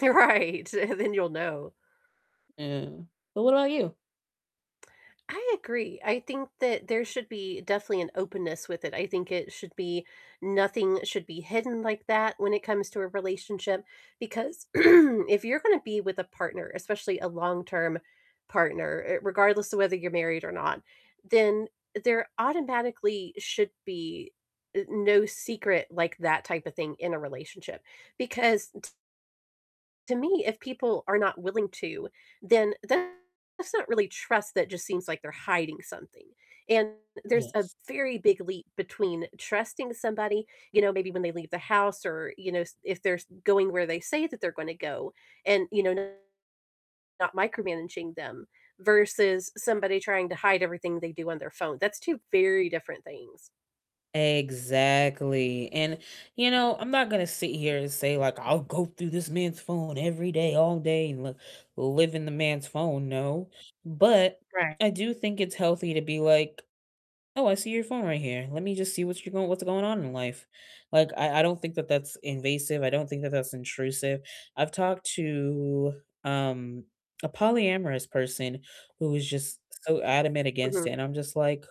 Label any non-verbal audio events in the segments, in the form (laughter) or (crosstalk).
You're right, and then you'll know. Yeah, but what about you? I agree, I think that there should be definitely an openness with it, I think it should be nothing should be hidden like that when it comes to a relationship, because (clears throat) if you're gonna be with a partner, especially a long-term partner, uh, regardless of whether you're married or not, then there automatically should be, uh, no secret like that type of thing in a relationship, because t to me, if people are not willing to, then that's not really trust, that just seems like they're hiding something, and there's a Yes. very big leap between trusting somebody, you know, maybe when they leave the house or, you know, s if there's going where they say that they're gonna go, and, you know, not micromanaging them, versus somebody trying to hide everything they do on their phone, that's 2 very different things. Exactly, and, you know, I'm not gonna sit here and say like, "I'll go through this man's phone every day, all day, and li live in the man's phone," no, but Right. I do think it's healthy to be like, "Oh, I see your phone right here, let me just see what you going what is going on in life." Like, I I don't think that that's invasive, I don't think that that's intrusive, I've talked to, um, a polyamorous person who was just so adamant against it, Mhm. and I'm just like,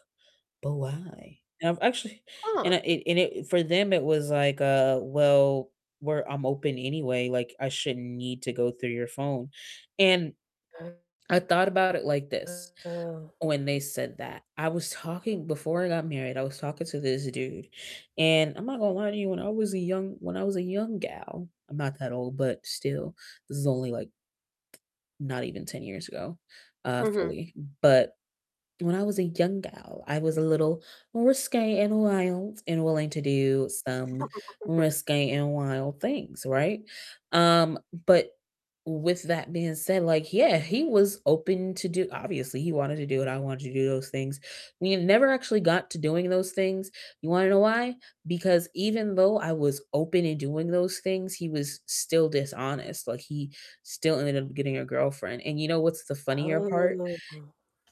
"But why?" And I've actually and Huh. I and it and it for them, it was like, uh, "Well, we're I'm open anyway, like, I shouldn't need to go through your phone," and Uh-huh. I thought about it like this Oh. when they said that. I was talking Before I got married, I was talking to this dude, and I'm not gonna lie to you, when I was a young when I was a young gal- I'm not that old, but still, this is only like not even 10 years ago, uh, Mhm. fully, but when I was a young gal, I was a little more risque, and wild, and willing to do some (chuckles) risque and wild things, right? Um, but with that being said, like, yeah, he was open to do obviously he wanted to do what I wanted to do those things, we never actually got to doing those things, you wanna know why? Because even though I was open in doing those things, he was still dishonest, like, he still ended up getting a girlfriend, and you know what's the funnier part? Oh.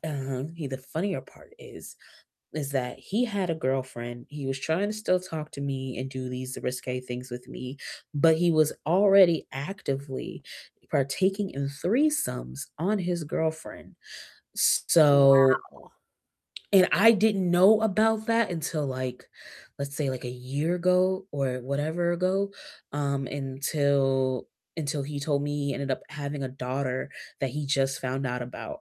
Um, he the funnier part is is that he had a girlfriend, he was trying to still talk to me and do these risque things with me, but he was already actively partaking in threesomes on his girlfriend, so Wow. And I didn't know about that until, like, let's say, like, a year ago or whatever ago, um, until until he told me he ended up having a daughter that he just found out about.